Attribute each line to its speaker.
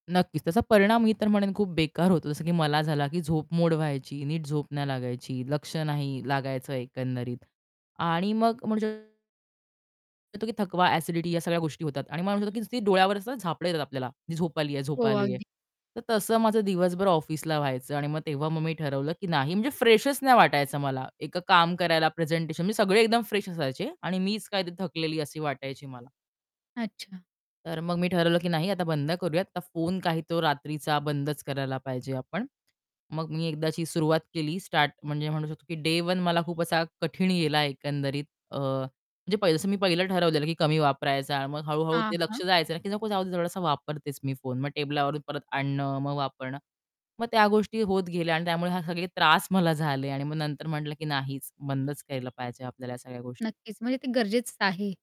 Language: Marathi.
Speaker 1: नक्कीच. त्याचा परिणाम मी तर म्हणेन खूप बेकार होतो. जसं की मला झाला की झोप मोड व्हायची, नीट झोप नाही लागायची, लक्ष नाही लागायचं एकंदरीत आणि मग म्हणू शकतो की थकवा, एसिडिटी या सगळ्या गोष्टी होतात आणि मला म्हणतो की डोळ्यावर असं झापडं येतात आपल्याला. ती झोप आलीये, झोप
Speaker 2: हो,
Speaker 1: आलीये.
Speaker 2: अगदी.
Speaker 1: तर तसं माझं दिवसभर ऑफिसला व्हायचं आणि मग तेव्हा मग मी ठरवलं की नाही म्हणजे फ्रेशच नाही वाटायचं. मला एक काम करायला प्रेझेंटेशन, म्हणजे सगळे एकदम फ्रेश असायचे आणि मीच काय थकलेली अशी वाटायची मला.
Speaker 2: अच्छा.
Speaker 1: तर मग मी ठरवलं की नाही आता बंद करूया. आता फोन काही तो रात्रीचा बंदच करायला पाहिजे आपण. मग मी एकदाची सुरुवात केली स्टार्ट, म्हणजे म्हणू शकतो की डे 1 मला खूप असा कठीण गेला एकंदरीत. अ, म्हणजे पाहि जसं मी पहिलं ठरवलेलं की कमी वापरायचा आणि मग हळू-हळू
Speaker 2: हां,
Speaker 1: ते
Speaker 2: हां.
Speaker 1: लक्ष जायचं, की "नको जाऊदे थोडासा वापरतेच मी फोन." मग टेबलावरून परत आणणं, मग वापरणं, मग त्या गोष्टी होत गेल्या आणि त्यामुळे हे सगळे त्रास मला झाले आणि मग नंतर म्हटलं की "नाहीच, बंदच केलं पाहिजे आपल्याला ह्या सगळ्या गोष्टी."
Speaker 2: नक्कीच. म्हणजे ते गरजेचचं आहे.